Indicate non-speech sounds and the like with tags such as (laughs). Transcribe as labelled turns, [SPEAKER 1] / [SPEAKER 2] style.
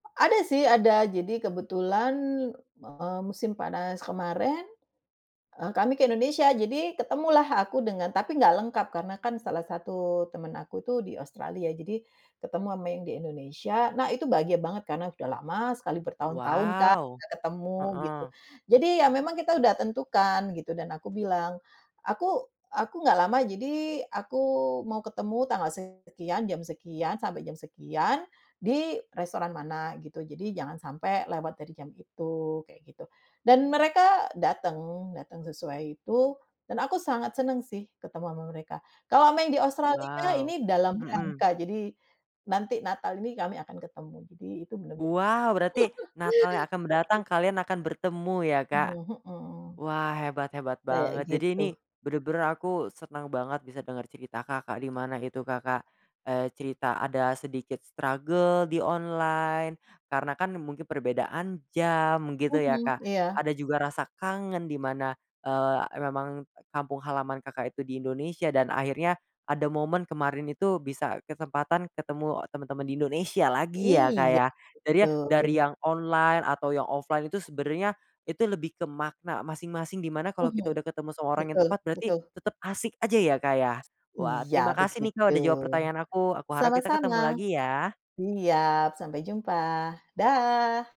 [SPEAKER 1] Ada sih ada jadi kebetulan, eee, musim panas kemarin, eee, kami ke Indonesia jadi ketemulah aku dengan tapi nggak lengkap karena kan salah satu temen aku tuh di Australia ya, jadi ketemu ama yang di Indonesia nah itu bahagia banget karena sudah lama sekali bertahun-tahun kan
[SPEAKER 2] Wow,
[SPEAKER 1] nggak ketemu gitu.
[SPEAKER 2] heeh.
[SPEAKER 1] Jadi ya memang kita udah tentukan gitu dan aku bilang, "Aku aku nggak lama jadi aku mau ketemu tanggal sekian, jam sekian, sampai jam sekian, di restoran mana gitu jadi jangan sampai lewat dari jam itu," kayak gitu. Dan mereka dateng dateng sesuai itu, dan aku sangat seneng sih ketemu ama mereka kalau main di Australia
[SPEAKER 2] Wow,
[SPEAKER 1] ini dalam
[SPEAKER 2] mhm.
[SPEAKER 1] rangka jadi, nanti Natal ini kami akan ketemu jadi itu bener-bener
[SPEAKER 2] Wow berarti Natal yang akan mendatang
[SPEAKER 1] (laughs) (unintelligible)
[SPEAKER 2] kalian akan bertemu ya Kak,
[SPEAKER 1] Mmm, mhm.
[SPEAKER 2] wah hebat hebat
[SPEAKER 1] Kayak
[SPEAKER 2] banget jadi ini,
[SPEAKER 1] gitu.
[SPEAKER 2] bener-bener aku seneng banget bisa denger cerita Kakak dimana itu Kakak, eee, cerita ada sedikit struggle di online karena kan mungkin perbedaan jam gitu ya
[SPEAKER 1] Mhm,
[SPEAKER 2] Kak,
[SPEAKER 1] iya.
[SPEAKER 2] ada juga rasa kangen dimana, eee, a memang kampung halaman Kakak itu di Indonesia dan akhirnya ada momen kemarin itu bisa kesempatan ketemu temen-temen di Indonesia lagi ya Kak
[SPEAKER 1] Iya,
[SPEAKER 2] ya, jadi ya dari
[SPEAKER 1] betul.
[SPEAKER 2] yang online atau yang offline itu sebenernya, itu lebih ke makna masing-masing dimana kalau kita
[SPEAKER 1] Mhm,
[SPEAKER 2] udah ketemu seorang yang
[SPEAKER 1] betul
[SPEAKER 2] tepat berarti
[SPEAKER 1] betul.
[SPEAKER 2] tetep asik aja ya Kak ya, wah
[SPEAKER 1] Iya
[SPEAKER 2] terima kasih nih
[SPEAKER 1] begitu,
[SPEAKER 2] Kak udah jawab pertanyaan aku aku harap kita
[SPEAKER 1] sama-sama,
[SPEAKER 2] ketemu lagi ya.
[SPEAKER 1] siap sampai jumpa, dah.